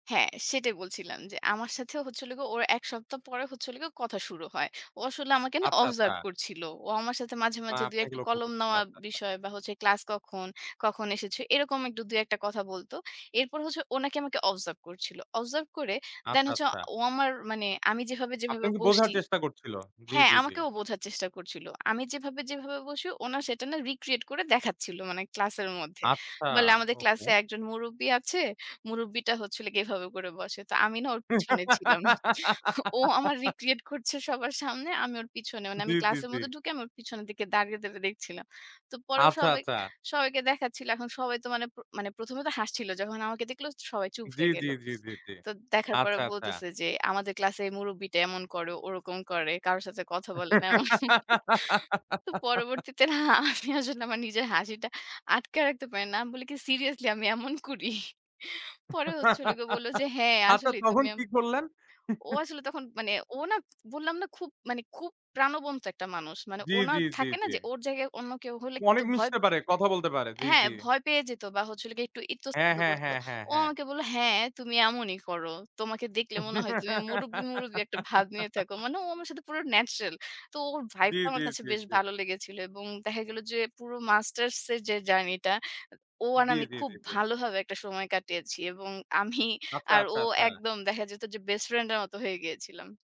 হ্যাঁ, সেটাই বলছিলাম যে আমার সাথে হচ্ছিল গিয়ে ওর এক সপ্তাহ পরে হচ্ছিল গিয়ে কথা শুরু হয়। ও আসলে আমাকে না আচ্ছা, আচ্ছা। অবজার্ভ করছিল। ও আমার সাথে মাঝে, মা মাঝে দুই আপনাকে একটা লক্ষ্য কলম করছিল। নেওয়ার আচ্ছা, আচ্ছা। বিষয় বা হচ্ছে, "ক্লাস কখন? কখন এসেছো?" এরকম ২ এক টা কথা বলত। এরপর হচ্ছে ও নাকি আমাকে অবজার্ভ করছিল। অবজার্ভ করে দ্যান আচ্ছা, হচ্ছে আচ্ছা। ও আমার মানে আমি যেভাবে, যেভাবে আপনাকে বোঝার বসছি চেষ্টা করছিল? জি, হ্যাঁ, জি, জি। আমাকে ও বোঝার চেষ্টা করছিল। আমি যেভাবে, যেভাবে বসি ও না সেটা না রিক্রিয়েট করে দেখাচ্ছিল মানে ক্লাসের মধ্যে। আচ্ছা, বলে আমাদের ওকে। ক্লাসে একজন মুরুব্বি আছে, মুরুব্বিটা হচ্ছিল গিয়ে এভাবে করে বসে। তো আমি না ওর পিছনে ছিলাম। ও আমার রিক্রিয়েট করছে সবার সামনে। আমি ওর পিছনে। মানে জি, আমি জি, ক্লাসের জি। মধ্যে ঢুকে আমি ওর পিছনের দিকে দাঁড়িয়ে, দাঁড়িয়ে দেখছিলাম। তো পরেও আচ্ছা, সবাই, আচ্ছা। সবাইকে দেখাচ্ছিল। এখন সবাই তো মানে প মানে প্রথমে তো হাসছিল। যখন আমাকে দেখল সবাই চুপ জি, হয়ে জি, গেল। জি, জি, জি, তো দেখার পরে আচ্ছা, আচ্ছা। বলতেছে যে, "আমাদের ক্লাসে মুরুব্বিটা এমন করে, ওরকম করে, কারো সাথে কথা বলে না" এমন। তো পরবর্তীতে না আমি আসলে আমার নিজের হাসিটা আটকায় রাখতে পারি না। আমি বলি কি, "সিরিয়াসলি আমি এমন করি?" পরে হচ্ছিলো গিয়ে ও বলল যে হ্যাঁ আচ্ছা, আসলেই তখন তুমি এম, কি করলেন? ও আসলে তখন মানে ও না বললাম না খুব মানে খুব প্রাণবন্ত একটা মানুষ। মানে জি, ওনা জি, জি, থাকে না জি। যে ওর জায়গায় অন্য কেউ হলে কিন্তু অনেক ভয় মিশতে পারে। কথা বলতে পারে। জি, হ্যাঁ, জি। ভয় পেয়ে যেত বা হছিল একটু হ্যাঁ, ইতস্তত হ্যাঁ, করত। হ্যাঁ, হ্যাঁ, ও হ্যাঁ। আমাকে বলল, "হ্যাঁ, তুমি এমনই করো। তোমাকে দেখলে মনে হয় তুমি মুরুব্বি, মুরুব্বি একটা ভাব নিয়ে থাকো।" মানে ও আমার সাথে পুরো ন্যাচারাল। তো ওর জি, ভাইবটা জি, আমার কাছে জি, বেশ জি। ভালো লেগেছিল। এবং দেখা গেল যে পুরো মাস্টার্স এর যে জার্নি টা ও আর জি, আমি জি, খুব জি, জি। ভালোভাবে একটা সময় কাটিয়েছি। এবং আমি আচ্ছা, আর আচ্ছা, ও আচ্ছা। একদম দেখা যেত যে বেস্ট ফ্রেন্ড এর মতো হয়ে গিয়েছিলাম।